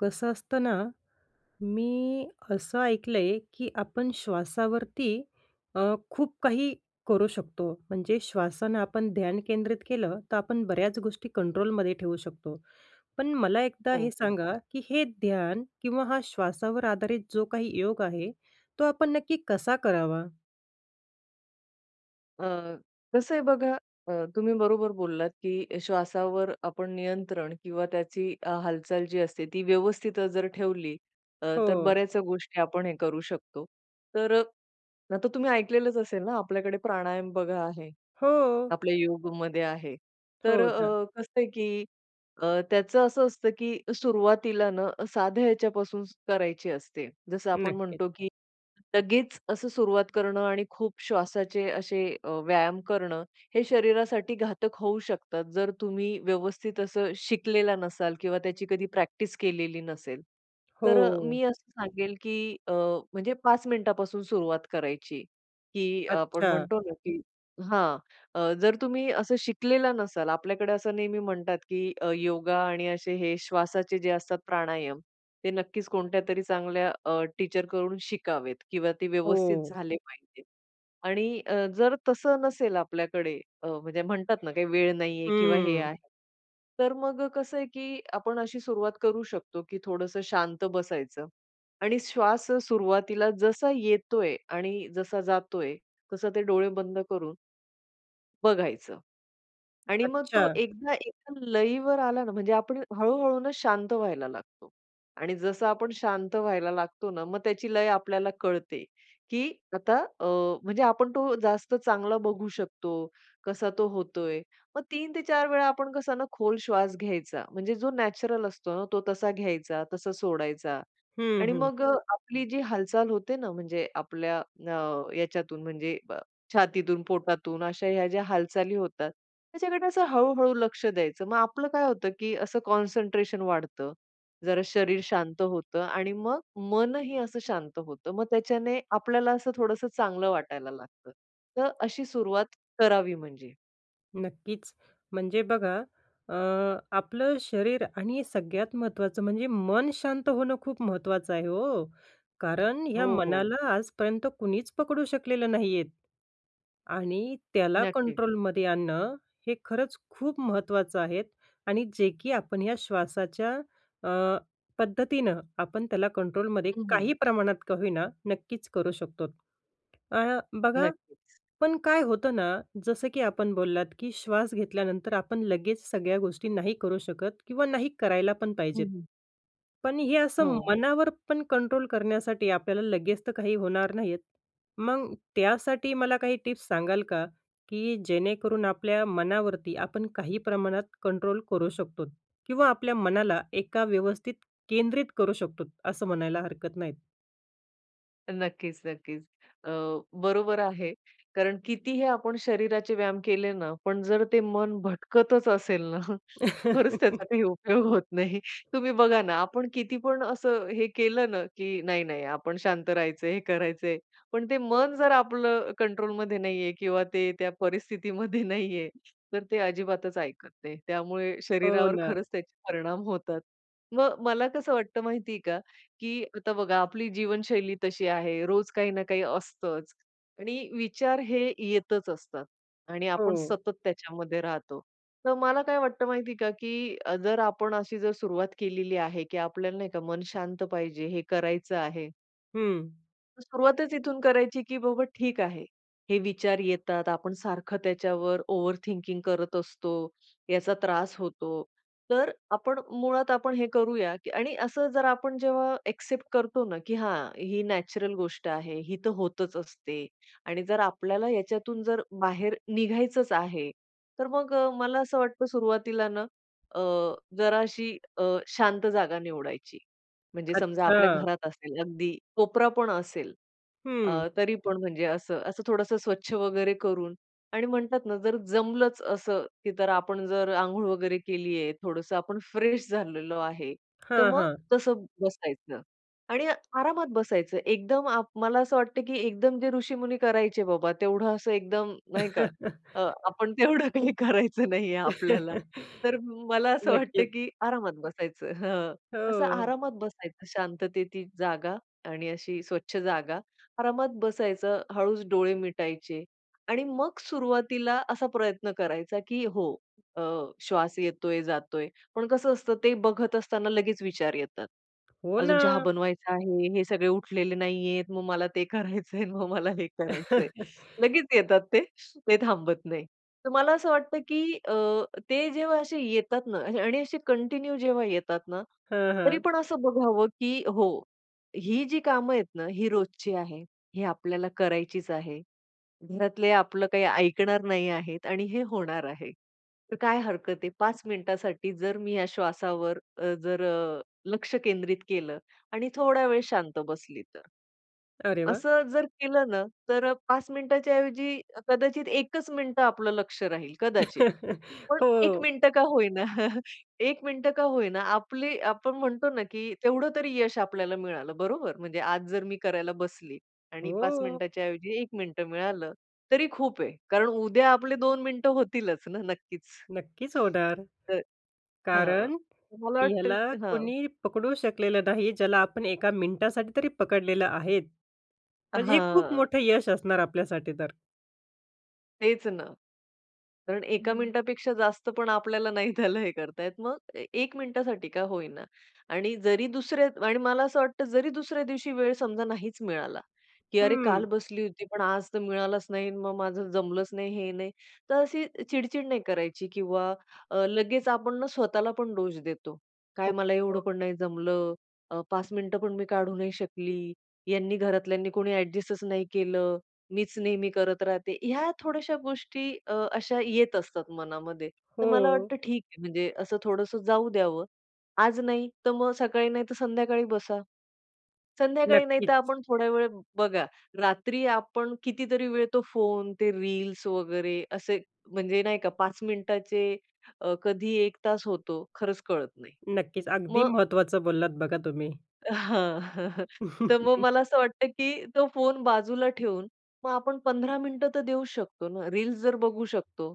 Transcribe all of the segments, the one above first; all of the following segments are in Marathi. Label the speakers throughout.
Speaker 1: कसं असतं ना. मी, असं ऐकलंय, की आपण श्वासावरती अ, खूप काही करू शकतो. म्हणजे श्वासानं आपण ध्यान केंद्रित केलं, तर आपण बऱ्याच गोष्टी कंट्रोलमध्ये ठेवू शकतो. पण मला एकदा
Speaker 2: हो,
Speaker 1: हे
Speaker 2: हो.
Speaker 1: सांगा, की हे ध्यान किंवा हा श्वासावर आधारित जो काही योग आहे, तो आपण नक्की कसा करावा?
Speaker 2: अ, कसं आहे बघा अ, तुम्ही बरोबर बोललात, की श्वासावर आपण नियंत्रण किंवा त्याची हालचाल जी असते ती व्यवस्थित जर ठेवली. अ, तर
Speaker 1: हो.
Speaker 2: बऱ्याचशा गोष्टी आपण हे करू शकतो. तर नाहीतर तुम्ही ऐकलेलंच असेल ना आपल्याकडे प्राणायाम बघा आहे.
Speaker 1: हो.
Speaker 2: आपल्या योगमध्ये आहे. तर
Speaker 1: हो ना.
Speaker 2: अ, कसं आहे, की अ, त्याचं असं असतं, की सुरुवातीला न, साध्या ह्याच्यापासून करायची असते. जसं आपण
Speaker 1: नक्कीच.
Speaker 2: म्हणतो, की लगेच असं सुरुवात करणं आणि खूप श्वासाचे असे अ, व्यायाम करणं, हे शरीरासाठी घातक होऊ शकतात. जर तुम्ही व्यवस्थित असं शिकलेला नसाल किंवा त्याची कधी प्रॅक्टिस केलेली नसेल. तर
Speaker 1: हो.
Speaker 2: मी असं सांगेल, की अ, म्हणजे 5 मिनिटापासून सुरुवात करायची, की आपण
Speaker 1: अच्छा.
Speaker 2: म्हणतो ना की हां, अ, जर तुम्ही असं शिकलेला नसाल आपल्याकडे असं नेहमी म्हणतात, की अ, योगा आणि असे हे श्वासाचे जे असतात प्राणायाम ते नक्कीच कोणत्यातरी चांगल्या अ, टीचरकडून शिकावेत किंवा ते व्यवस्थित
Speaker 1: हो.
Speaker 2: झाले पाहिजे आणि अ, जर तसं नसेल आपल्याकडे अ, म्हणजे म्हणतात ना काही वेळ नाहीये किंवा हे
Speaker 1: हं.
Speaker 2: आहे. तर मग कसं आहे, की आपण अशी सुरुवात करू शकतो, की थोडंसं शांत बसायचं आणि श्वास सुरुवातीला जसा येतोय आणि जसा जातोय, तसं ते डोळे बंद करून बघायचं. आणि मग तो
Speaker 1: अच्छा.
Speaker 2: एकदा एका लईवर आला ना म्हणजे आपण हळू-हळू ना शांत व्हायला लागतो. आणि जसं आपण शांत व्हायला लागतो ना मग त्याची लय आपल्याला कळते, की आता, अ, म्हणजे आपण तो जास्त चांगला बघू शकतो, कसा तो होतोय, मग 3 ते 4 वेळा आपण कसा ना खोल श्वास घ्यायचा म्हणजे जो नॅचरल असतो ना तो तसा घ्यायचा, तसा सोडायचा.
Speaker 1: हं,
Speaker 2: आणि
Speaker 1: हं.
Speaker 2: मग आपली जी हालचाल होते ना म्हणजे आपल्या, अ, ह्याच्यातून म्हणजे छातीतून पोटातून अशा ह्या ज्या हालचाली होतात. त्याच्याकडे असं हळू-हळू लक्ष द्यायचं. मग आपलं काय होतं, की असं कॉन्सन्ट्रेशन वाढतं, जरा शरीर शांत होतं आणि मग मनही असं शांत होतं. मग त्याच्याने आपल्याला असं थोडंसं चांगलं वाटायला लागतं. तर अशी सुरुवात करावी म्हणजे.
Speaker 1: नक्कीच. म्हणजे बघा. अ, आपलं शरीर आणि सगळ्यात महत्त्वाचं म्हणजे मन शांत होणं खूप महत्त्वाचं आहे हो. कारण
Speaker 2: हो,
Speaker 1: ह्या
Speaker 2: हो.
Speaker 1: मनाला आजपर्यंत कुणीच पकडू शकलेलं नाहीयेत. आणि त्याला
Speaker 2: नक्की.
Speaker 1: कंट्रोलमध्ये आणणं, हे खरंच खूप महत्त्वाचं आहे आणि जे की आपण ह्या श्वासाच्या, अ, पद्धतीनं आपण त्याला कंट्रोलमध्ये
Speaker 2: हं, हं.
Speaker 1: काही प्रमाणात का होईना, नक्कीच करू शकतो. अ, बघा
Speaker 2: नक्कीच.
Speaker 1: पण काय होतं ना, जसं की आपण बोललात, की श्वास घेतल्यानंतर आपण लगेच सगळ्या गोष्टी नाही करू शकत किंवा नाही करायला पण
Speaker 2: हं,
Speaker 1: पाहिजेत.
Speaker 2: हं.
Speaker 1: पण हे असं
Speaker 2: हो.
Speaker 1: मनावर पण कंट्रोल करण्यासाठी आपल्याला लगेच तर काही होणार नाहीयेत. मग त्यासाठी मला काही टिप्स सांगाल का? की जेणेकरून आपल्या मनावरती आपण काही प्रमाणात कंट्रोल करू शकतो किंवा आपल्या मनाला एका व्यवस्थित केंद्रित करू शकतो असं म्हणायला हरकत नाही.
Speaker 2: नक्कीच नक्कीच, अ, बरोबर आहे. कारण कितीही आपण शरीराचे व्यायाम केले ना, पण जर ते मन भटकतच असेल ना, खरंच त्याचा काही उपयोग होत नाही. तुम्ही बघा ना आपण किती पण असं हे केलं ना की "नाही नाही, आपण शांत राहायचंय. हे करायचंय." पण ते मन जर आपलं अ, कंट्रोलमध्ये नाहीये किंवा ते त्या परिस्थितीमध्ये नाहीये, तर ते अजिबातच ऐकत नाही. त्यामुळे
Speaker 1: हो
Speaker 2: शरीरावर
Speaker 1: ना.
Speaker 2: खरंच त्याचे परिणाम होतात. मग मला कसं वाटतं माहितीये का? की आता बघा आपली जीवनशैली तशी आहे. रोज काही ना काही असतंच. आणि विचार हे येतच असतात आणि आपण
Speaker 1: हो.
Speaker 2: सतत त्याच्यामध्ये राहतो. तर मला काय वाटतं माहितीये का की अ, जर आपण अशी जर सुरुवात केलेली आहे की आपल्याला, नाही का, मन शांत पाहिजे हे करायचं आहे
Speaker 1: हं.
Speaker 2: तर सुरुवातच इथून करायची की बाबा ठीक आहे. हे विचार येतात. आपण सारखं त्याच्यावर ओव्हर थिंकिंग करत असतो, याचा त्रास होतो. तर आपण मुळात आपण हे करूया की आणि असं जर आपण जेव्हा ॲक्सेप्ट करतो ना की हां, ही नॅचरल गोष्ट आहे, ही तर होतच असते आणि जर आपल्याला याच्यातून जर बाहेर निघायचंच आहे, तर मग अ, मला असं वाटतं सुरुवातीला ना अ, जराशी अ, शांत जागा निवडायची. म्हणजे समजा आपल्या
Speaker 1: अच्छा.
Speaker 2: घरात असेल, अगदी कोपरा पण असेल अ,
Speaker 1: हं.
Speaker 2: तरी पण म्हणजे असं, असं थोडंसं स्वच्छ वगैरे करून. आणि म्हणतात ना जर जमलंच असं की तर आपण जर अंघोळ वगैरे केली आहे, थोडंसं आपण फ्रेश झालेलो आहे, तर
Speaker 1: हां,
Speaker 2: मग
Speaker 1: हां.
Speaker 2: तसं बसायचं. आणि आरामात बसायचं. एकदम आप मला असं वाटतं की एकदम जे ऋषीमुनी करायचे बाबा, तेवढं असं एकदम, नाही का, अ, आपण तेवढं काही करायचं नाहीये आपल्याला. तर म मला असं वाटतं
Speaker 1: नक्कीच.
Speaker 2: की आरामात बसायचं, हं, असं
Speaker 1: हो.
Speaker 2: आरामात बसायचं शांततेची जागा आणि अशी स्वच्छ जागा. आरामात बसायचं. हळूच डोळे मिटायचे आणि मग सुरुवातीला असा प्रयत्न करायचा की हो अ, श्वास येतोय, जातोय. पण कसं असतं, ते बघत असताना लगेच विचार येतात.
Speaker 1: हो
Speaker 2: अजून चहा
Speaker 1: ना.
Speaker 2: बनवायचा आहे, हे सगळे उठलेले नाहीयेत, मग मला ते करायचंय, अन् मग मला हे करायचंय." लगेच येतात ते. ते थांबत नाही. तर मला असं वाटतं की अ, ते जेव्हा असे येतात ना आणि असे कंटिन्यू जेव्हा येतात ना,
Speaker 1: हां,
Speaker 2: तरी
Speaker 1: हां.
Speaker 2: पण असं बघावं की हो, ही जी कामं आहेत ना ही रोजची आहे. ही आपल्याला करायचीच आहे. घरातले आपलं काही ऐकणार नाही आहेत आणि हे होणार आहे. तर काय हरकत आहे? 5 मिनिटासाठी जर मी ह्या श्वासावर अ, जर अ, लक्ष केंद्रित केलं आणि थोडा वेळ शांत बसली तर?"
Speaker 1: अरे वाह!
Speaker 2: असं जर केलं ना तर अ, 5 मिनिटाच्या ऐवजी कदाचित 1च मिनिटं आपलं लक्ष राहील, कदाचित. पण 1
Speaker 1: हो.
Speaker 2: मिनिटं का होईना, 1 मिनिटं का होईना आपली आपण म्हणतो ना की तेवढं तरी यश आपल्याला मिळालं, बरोबर? म्हणजे आज जर मी करायला बसली आणि 5
Speaker 1: हो.
Speaker 2: मिनिटाच्या ऐवजी 1 मिनिटं मिळालं तरी खूप आहे, कारण उद्या आपले 2 मिनटं होतीलच ना नक्कीच?
Speaker 1: नक्कीच होणार.
Speaker 2: तर हां,
Speaker 1: कारण
Speaker 2: मला
Speaker 1: ह्याला
Speaker 2: वाटतं हां.
Speaker 1: कुणी पकडू शकलेलं नाही, ज्याला आपण एका मिनिटासाठी तरी पकडलेलं आहेत. म्हणजे हे खूप
Speaker 2: हां.
Speaker 1: मोठं यश असणार आपल्यासाठी तर.
Speaker 2: तेच ना. कारण 1का
Speaker 1: हं.
Speaker 2: मिनिटापेक्षा जास्त पण आपल्याला नाही त्याला हे करतायेत. मग ए 1 मिनिटासाठी का होईना आणि जरी दुसऱ्या आणि मला असं वाटतं जरी दुसऱ्या दिवशी वेळ समजा नाहीचं मिळाला की अरे, काल
Speaker 1: हं.
Speaker 2: बसली होती. पण आज तर मिळालचं नाही. मग माझं जमलंच नाही हे नाही. तर अशी चिडचिड नाही करायची किंवा अ, लगेचं आपण ना स्वतःला पण दोष देतो. काय
Speaker 1: हो,
Speaker 2: मला एवढं
Speaker 1: हो.
Speaker 2: पण नाही जमलं. अ, 5 मिनिटं पण मी काढू नाही शकली. यांनी घरातल्यांनी कोणी ॲडजस्टचं नाही केलं. मीचं नेहमी करत राहते. ह्या थोड्याशा गोष्टी अ, अशा येत असतात मनामध्ये. तर मला
Speaker 1: हो.
Speaker 2: वाटतं ठीक आहे. म्हणजे असं थोडंसं जाऊ द्यावं. आज नाही तर मग सकाळी नाही तर संध्याकाळी बसा. संध्याकाळी नाहीतर
Speaker 1: नक्कीचं.
Speaker 2: आपण थोड्या वेळ बघा. रात्री आपण कितीतरी वेळ तो फोन ते रील्स वगैरे असे म्हणजे नाही का? 5 मिनिटाचे अ, कधी 1 तास होतो खरचं कळत नाही.
Speaker 1: नक्कीचं. अगदी
Speaker 2: मग
Speaker 1: महत्वाचं बोललात बघा तुम्ही.
Speaker 2: हां. हं, हं. तर मग मला असं वाटतं की तो फोन बाजूला ठेवून मग आपण 15 मिनिटं तर देऊ शकतो ना. रील्स जर बघू शकतो.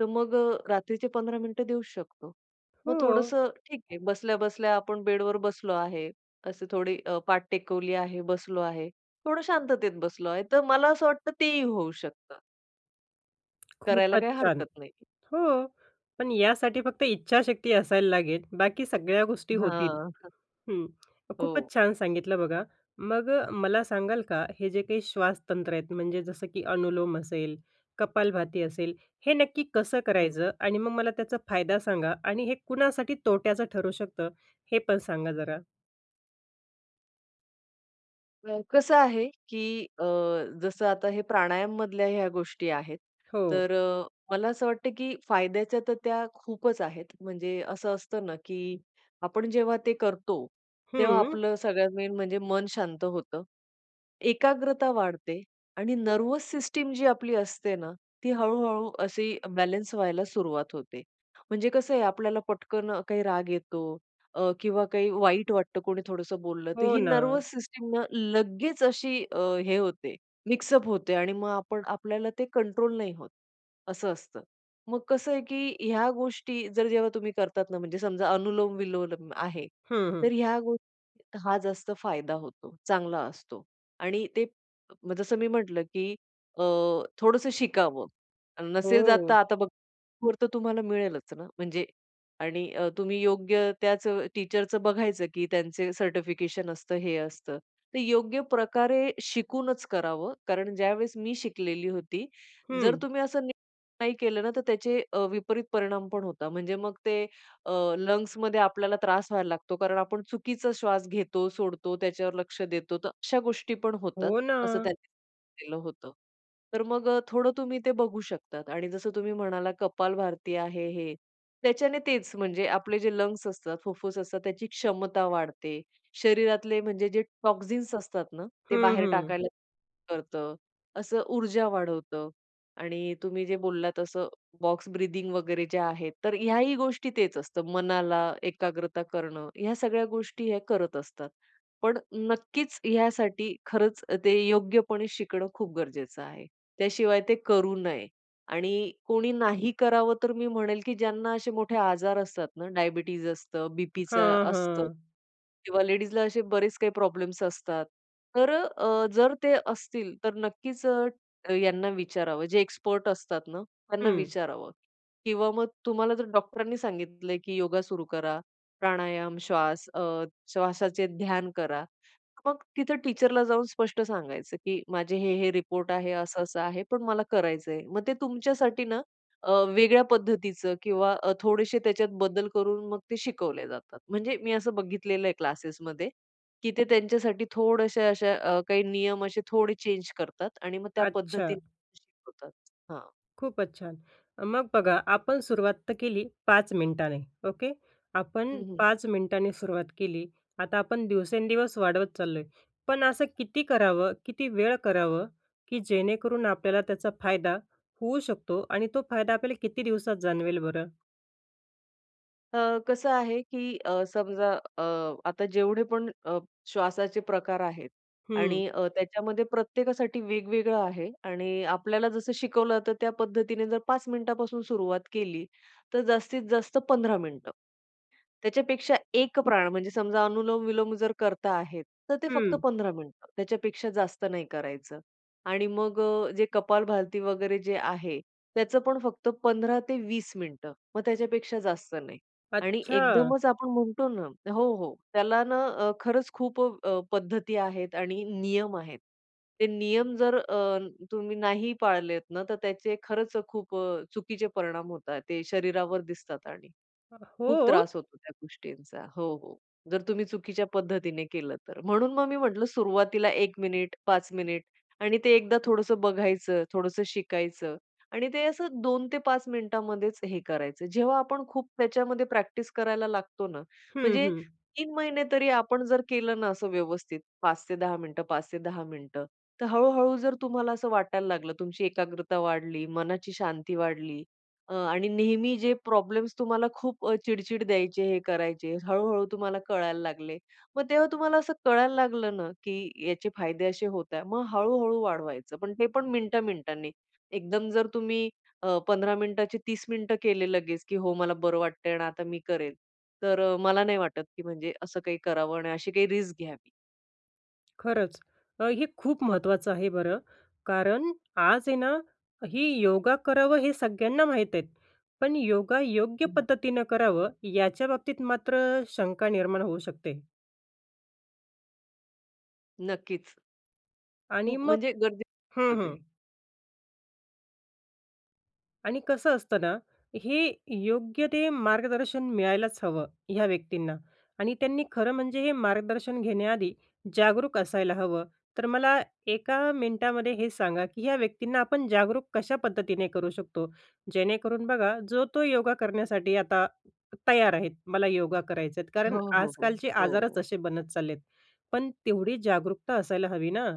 Speaker 2: तर मग अ, रात्रीचे 15 मिनिटं देऊचं शकतो. मग
Speaker 1: हो.
Speaker 2: थोडंसं ठीक आहे बसल्या-बसल्या आपण बेडवर बसलो आहे. असे थोडी अ, पाठ टेकवली आहे, बसलो आहे, थोडं शांततेत बसलो आहे. तर मला असं वाटतं तेही होऊ शकतं. करायला
Speaker 1: खूपच
Speaker 2: काही
Speaker 1: छान.
Speaker 2: हरकत नाही.
Speaker 1: हो. पण यासाठी फक्त इच्छाशक्ती असायला लागेल, बाकी सगळ्या गोष्टी होतील.
Speaker 2: हां. हं.
Speaker 1: हं.
Speaker 2: हो.
Speaker 1: खूपच छान सांगितलं बघा. मग अ, मला सांगाल का हे जे काही श्वासतंत्र आहेत, म्हणजे जसं की अनुलोम असेल, कपालभाती असेल, हे नक्की कसं
Speaker 2: हं.
Speaker 1: करायचं? आणि मग मला त्याचा फायदा सांगा. आणि हे कुणासाठी तोट्याचं ठरू शकतं? हे पण सांगा जरा.
Speaker 2: अ, कसं आहे की अ, जसं आता हे प्राणायाम मधल्या ह्या गोष्टी आहेत,
Speaker 1: हो.
Speaker 2: तर मला असं वाटतं की फायद्याच्या तर त्या खूपच आहेत म्हणजे असं असतं ना, की आपण जेव्हा ते करतो, तेव्हा
Speaker 1: हम्म.
Speaker 2: आपलं सगळ्यात मेन म्हणजे मन शांत होतं. एकाग्रता वाढते आणि नर्व्हस सिस्टम जी आपली असते ना, ती हळू-हळू अशी बॅलन्स व्हायला सुरुवात होते. म्हणजे कसं आहे आपल्याला पटकन काही राग येतो अ, किंवा काही वाईट वाटतं कोणी थोडसं बोलल तर,
Speaker 1: हो,
Speaker 2: ही
Speaker 1: ना.
Speaker 2: नर्व्हस सिस्टम ना लगेच अशी अ, हे होते मिक्स अप होते आणि मग आपण आपल्याला ते कंट्रोल नाही होत. असं असतं. मग कसं आहे की ह्या गोष्टी जर जेव्हा तुम्ही करतात ना म्हणजे समजा अनुलोम, विलोम आहे.
Speaker 1: हं, हं.
Speaker 2: तर ह्या गोष्टी हा जास्त फायदा होतो चांगला असतो आणि ते जसं मी म्हटलं की अ, थोडंसं शिकावं. नसेल तर
Speaker 1: हो.
Speaker 2: आता बघ [unintelligible] वर तर तुम्हाला मिळेलच ना, म्हणजे आणि अ, तुम्ही योग्य त्याच टीचरच बघायचं की त्यांचे सर्टिफिकेशन असतं, हे असतं. ते योग्य प्रकारे शिकूनच करावं कारण ज्यावेळेस मी शिकलेली होती, जर
Speaker 1: हं.
Speaker 2: तुम्ही असं नाही केलं ना तर त्याचे अ, विपरीत परिणाम पण होतात. म्हणजे मग ते अ, लंग्स मध्ये आपल्याला त्रास व्हायला लागतो कारण आपण चुकीचा श्वास घेतो, सोडतो त्याच्यावर लक्ष देतो, तर अशा गोष्टी पण होतात
Speaker 1: हो,
Speaker 2: असं
Speaker 1: ना.
Speaker 2: त्यांनी सांगितलेलं होतं. तर मग अ, थोडं तुम्ही ते बघू शकतात. आणि जसं तुम्ही म्हणालात कपाल भारती आहे हे. त्याच्याने तेच म्हणजे आपले जे लंग्स असतात, फुफ्फुस असतात त्याची क्षमता वाढते. शरीरातले म्हणजे जे टॉक्सिन्स असतात ना, ते
Speaker 1: हं,
Speaker 2: बाहेर
Speaker 1: हं.
Speaker 2: टाकायला सुरू करत. असं ऊर्जा वाढवतं आणि अ, तुम्ही जे बोललात असं बॉक्स ब्रीथिंग वगैरे जे आहे तर, ह्याही गोष्टी तेच असतं मनाला एकाग्रता करणं, ह्या सगळ्या गोष्टी या करत असतात. पण नक्कीच यासाठी खरंच ते योग्यपणे शिकणं खूप गरजेचं आहे. त्याशिवाय ते करू नये. आणि कोणी नाही करावं तर मी म्हणेल की ज्यांना असे मोठे आजार असतात ना, डायबिटीज असतं, बीपीच
Speaker 1: हां,
Speaker 2: असतं
Speaker 1: हां.
Speaker 2: किंवा लेडीजला असे बरेच काही प्रॉब्लेम्स असतात. तर अ, जर ते असतील तर नक्कीच अ, यांना विचारावं जे एक्सपर्ट असतात ना, त्यांना
Speaker 1: हं.
Speaker 2: विचारावं. किंवा मग तुम्हाला जर डॉक्टरांनी सांगितलंय की योगा सुरू करा, प्राणायाम, श्वास अ, श्वासाचे ध्यान करा. मग तिथे टीचरला जाऊन स्पष्ट सांगायचं की माझे हे, हे रिपोर्ट आहे. असं-असं आहे पण मला करायचंय. मग ते तुमच्यासाठी ना अ, वेगळ्या पद्धतीच किंवा अ, थोडेशे त्याच्यात बदल करून मग ते शिकवले जातात. म्हणजे मी असं बघितलेलं आहे क्लासेस मध्ये की ते त्यांच्यासाठी थोडेसे अशा अ, काही नियम असे थोडे चेंज करतात आणि मग त्या पद्धतीने
Speaker 1: अच्छा.
Speaker 2: शिकवतात. हां.
Speaker 1: खूपच छान, मग बघा आपण सुरुवात तर केली 5 मिनिटांनी ओके. आपण
Speaker 2: हं, हं.
Speaker 1: 5 मिनिटांनी सुरुवात केली, आता आपण दिवसेंदिवस वाढवत चाललो आहे. पण असं किती करावं किती वेळ करावं, की जेणेकरून आपल्याला त्याचा फायदा होऊ शकतो आणि तो फायदा आपल्याला किती दिवसात जाणवेल बरं?
Speaker 2: अ, कसं आहे, की अ, समजा अ, आता जेवढे पण अ, श्वासाचे प्रकार आहेत
Speaker 1: हं.
Speaker 2: आणि अ, त्याच्यामध्ये प्रत्येकासाठी वेगवेगळं आहे आणि आपल्याला जसं शिकवलं तर त्या पद्धतीने जर 5 मिनिटापासून सुरुवात केली तर जास्तीत जास्त 15 मिनिटं. त्याच्यापेक्षा एक प्राण म्हणजे समजा अनुलोम विलोम जर करता आहेत तर ते फक्त
Speaker 1: हम्म.
Speaker 2: 15 मिनिटं. त्याच्यापेक्षा जास्त नाही करायचं आणि मग अ, जे कपालभाती वगैरे जे आहे, त्याचं पण फक्त 15 ते 20 मिनिटं. मग त्याच्यापेक्षा जास्त नाही आणि
Speaker 1: अच्छा!
Speaker 2: एकदमच आपण म्हणतो ना, हो, हो. त्याला ना अ, खरंच खूप अ, पद्धती आहेत आणि नियम आहेत. ते नियम जर अ, तुम्ही नाही पाळलेत ना तर त्याचे खरंच खूप अ, चुकीचे परिणाम होतात ते शरीरावर दिसतात आणि
Speaker 1: ह,
Speaker 2: खूप
Speaker 1: हो.
Speaker 2: त्रास होतो त्या गोष्टींचा. हो, हो. जर तुम्ही चुकीच्या पद्धतीने केलं तर म्हणून मग मी म्हटलं, सुरुवातीला एक मिनिट 1 मिनिट 5 मिनिट आणि ते एकदा थोडंस बघायचं, थोडसं शिकायचं आणि ते असं 2 ते 5 मिनिटामध्येच हे करायचं. जेव्हा आपण खूप त्याच्यामध्ये प्रॅक्टिस करायला लागतो ना
Speaker 1: हं,
Speaker 2: म्हणजे
Speaker 1: हं.
Speaker 2: 3 महिने तरी आपण जर केलं ना असं व्यवस्थित 5 ते 10 मिनिटं 5 ते 10 मिनिटं तर हळू-हळू जर तुम्हाला असं वाटायला लागल, तुमची एकाग्रता वाढली, मनाची शांती वाढली आणि अ, नेहमी जे प्रॉब्लेम्स तुम्हाला खूप अ, चिडचिड द्यायचे हे करायचे हळू-हळू तुम्हाला कळायला लागले मग तेव्हा तुम्हाला असं कळायला लागलं ना, की याचे फायदे असे होत आहे. मग हळू-हळू वाढवायचं पण ते पण मिनिटा मिनिटांनी. एकदम जर तुम्ही 15 मिनिटाचे 30 मिनिटं केले लगेच, की हो, मला बरं वाटतं आहे आणि आता मी करेल. तर मला नाही वाटत, की म्हणजे असं काही करावं आणि अशी काही रिस्क घ्यावी.
Speaker 1: खरंच अ, हे खूप महत्त्वाचं आहे बरं. कारण आज आहे ना ही योगा करावं हे सगळ्यांना माहीती आहेत. पण योगा योग्य
Speaker 2: हं.
Speaker 1: पद्धतीनं करावं याच्याबाबतीत मात्र शंका निर्माण होऊ शकते.
Speaker 2: नक्कीच.
Speaker 1: आणि
Speaker 2: खूप,
Speaker 1: मग
Speaker 2: म्हणजे
Speaker 1: हं,
Speaker 2: गरजेचचं
Speaker 1: हं.
Speaker 2: आहे.
Speaker 1: आणि कसं असतं ना, हे योग्य ते मार्गदर्शन मिळायलाच हवं, ह्या व्यक्तींना. आणि त्यांनी खरं म्हणजे हे मार्गदर्शन घेण्याआधी जागरूक असायला हवं. तर मला एका मिनिटामध्ये हे सांगा, की या व्यक्तींना आपण जागरूक कशा पद्धतीने करू शकतो? जेणेकरून बघा, जो-तो योगा करण्यासाठी आता तयार आहेत, मला योगा करायचं आहेत. कारण
Speaker 2: हो, हो, हो,
Speaker 1: आजकालचे आजारच
Speaker 2: हो.
Speaker 1: असे बनत चालले आहेत. पण तेवढी जागरूकता असायला हवी ना?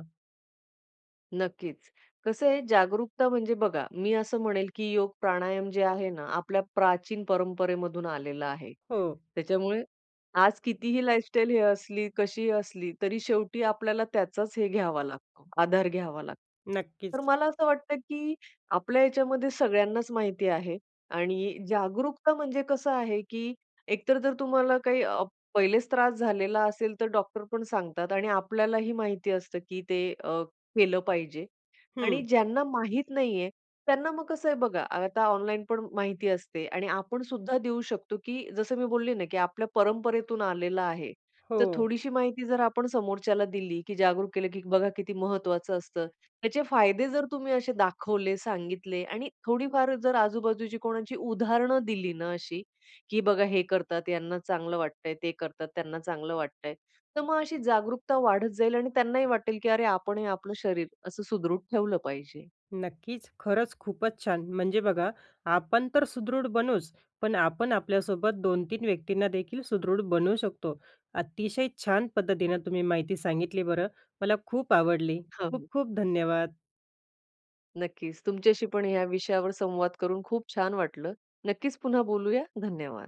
Speaker 2: नक्कीच, कसं आहे जागरूकता म्हणजे बघा, मी असं म्हणेल, की योग प्राणायाम जे आहे ना आपल्या प्राचीन परंपरेमधून आलेलं आहे.
Speaker 1: हो.
Speaker 2: त्याच्यामुळे आज कितीही लाईफस्टाईल हे असली कशीही असली, तरी शेवटी आपल्याला त्याचाच हे घ्यावा लागतो, आधार घ्यावा लागतो. तर
Speaker 1: नक्कीच.
Speaker 2: मला असं वाटतं, की आपल्या याच्यामध्ये सगळ्यांनाच माहिती आहे आणि जागरूकता म्हणजे कसं आहे की एकतर जर तुम्हाला काही आह, पहिलेच त्रास झालेला असेल तर डॉक्टर पण सांगतात आणि आपल्यालाही माहिती असतं की ते अ, केलं पाहिजे. आणि
Speaker 1: हं.
Speaker 2: ज्यांना माहित नाहीये त्यांना मग कसं आहे बघा, आता ऑनलाईन पण माहिती असते आणि आपण सुद्धा देऊ शकतो, की जसं मी बोलले ना की आपल्या परंपरेतून आलेलं आहे, तर
Speaker 1: हो.
Speaker 2: थोडीशी माहिती जर आपण समोरच्याला दिली की जागरूक केलं, की बघा किती महत्वाचं असतं. त्याचे फायदे जर, तर तुम्ही असे दाखवले, सांगितले आणि थोडीफार जर आजूबाजूची कोणाची उदाहरण दिली ना अशी, की बघा हे करतात यांना चांगलं वाटतंय, ते करतात त्यांना चांगलं वाटतंय. तर मग अशी जागरूकता वाढत जाईल आणि त्यांनाही वाटेल, की अरे आपण हे आपलं शरीर असं सुदृढ ठेवलं पाहिजे.
Speaker 1: नक्कीच. खरंच खूपच छान! म्हणजे बघा, आपण तर सुदृढ बनूच पण आपण आपल्यासोबत 2-3 व्यक्तींना देखील सुदृढ बनवू शकतो. अतिशय छान पद्धतीने तुम्ही माहिती सांगितली बरं. मला खूप आवडली.
Speaker 2: हं,
Speaker 1: खूप
Speaker 2: हं.
Speaker 1: खूप धन्यवाद.
Speaker 2: नक्कीच. तुमच्याशी पण या विषयावर संवाद करून खूप छान वाटलं. नक्कीच पुन्हा बोलूया, धन्यवाद.